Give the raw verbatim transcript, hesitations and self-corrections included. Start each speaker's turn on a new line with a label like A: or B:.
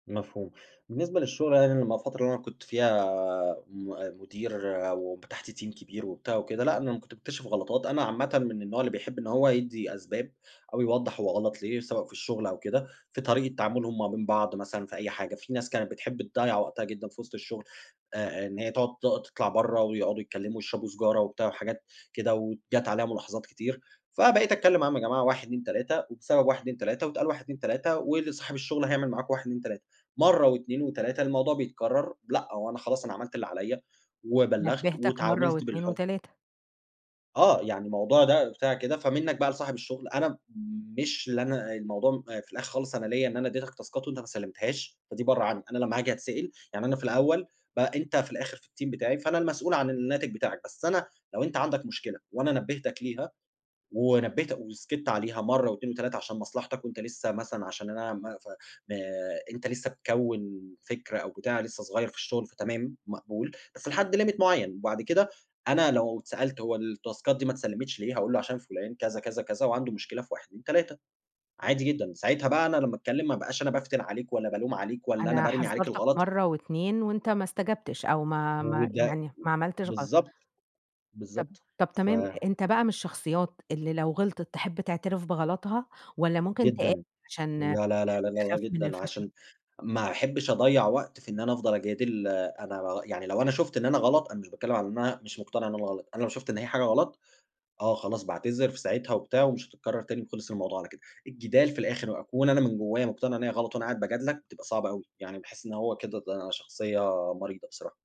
A: مفهوم بالنسبة للشغل، [unintelligible] الفترة اللي كنت فيها آمم، م مدير وب تحتيه team كبير وبتاع وكده. لأ أنا ما كنت مكتشف غلطات، أنا عامةً من النوع اللي بيحب إن هو يدّي أسباب أو يوضح هو غلط ليه سواء في الشغل أو كده، في طريقة تعاملهم ما بين بعض مثلًا في أي حاجة. في ناس كانت بتحب تضيّع وقتها جدًا في وسط الشغل، آآ، إن هي تقعد ت تطلع برّه ويقعدوا يتكلموا ويشربوا سيجارة وبتاع وحاجات كده، وجات عليَّ ملاحظات كتير فبقيت أتكلّم معاهم يا جماعة واحد، اتنين، تلاتة، وبسبب واحد، اتنين، تلاتة، واتقال واحد، اتنين، تلاتة، وصاحب الشغل هيعمل معاكوا واحد اتنين، تلاتة، مرّة واتنين وتلاتة. الموضوع بيتكرر؟ لأ هو أنا خلاص أنا عملت اللي عليَّ وبلَّغت
B: نبهتك مرة
A: واتعاملت
B: واتنين
A: بالح
B: وتلاتة.
A: آه، يعني الموضوع ده بتاع كده، فمنك بقى لصاحب الشغل، أنا مش اللي أنا الموضوع في الآخر خالص أنا ليّا إن أنا أدّيتك تاسكات وأنت ما سلمتهاش، فدي برّه عنّي. أنا لمّا هاجي اتسأل، يعني أنا في الأوّل ب أنت في الآخر في الteam بتاعي فأنا المسؤول عن الناتج بتاعك، بس أنا لو أنت عندك مشكلة وأنا نبهتك ليها ونبهت وسكت عليها مرّة واتنين وتلاتة عشان مصلحتك وأنت لسّه مثلًا عشان أنا ما ف ما أنت لسّه بتكوّن فكرة أو بتاع لسّه صغيّر في الشغل فتمام، مقبول بس لحد limit معيّن وبعد كده أنا لو اتسألت هو الـتاسكات دي ما اتسلمتش ليه هاقول له عشان فلان كذا كذا كذا وعنده مشكلة في واحد اتنين تلاتة عادي جدًا. ساعتها بقى أنا لمّا أتكلّم ما ابقاش أنا بافتن عليك ولا بالوم عليك ولا أنا
B: أنا
A: بارمي عليك
B: حذرتك
A: الغلط.
B: مرة واتنين وأنت ما استجابتش أو ما ما
A: وده، و
B: يعني ما عملتش غلط.
A: بالضبط،
B: طب
A: بالضبط
B: طب
A: ف
B: تمام أنت بقى من الشخصيات اللي لو غلطت، تِحب تَعترف بغلطها والّا ممكن تقاوح
A: جدًا،
B: عشان
A: لأ، لأ، لأ، لأ، لأ
B: تخاف من
A: جدًا،
B: الفشل؟
A: عشان ما احبش أضيّع وقت في إن أنا أفضل أجادل. آآ، أنا يع لو أنا شُفت إن أنا غلط، أنا مش باتكلم على إن أنا مش مقتنع إن أنا غلط، أنا لو شُفت إن هي حاجة غلط، آه، خلاص باعتذر في ساعتها وبتاع ومش هتكرر تاني وخلص الموضوع على كده. الجدال في الآخر وأكون أنا من جوّايا مقتنع إن هي غلط وأنا قاعد باجادلك، بتبقى صعبة أوي يعني باحس إن هو كده ده شخصيّة مريضة بصراحة.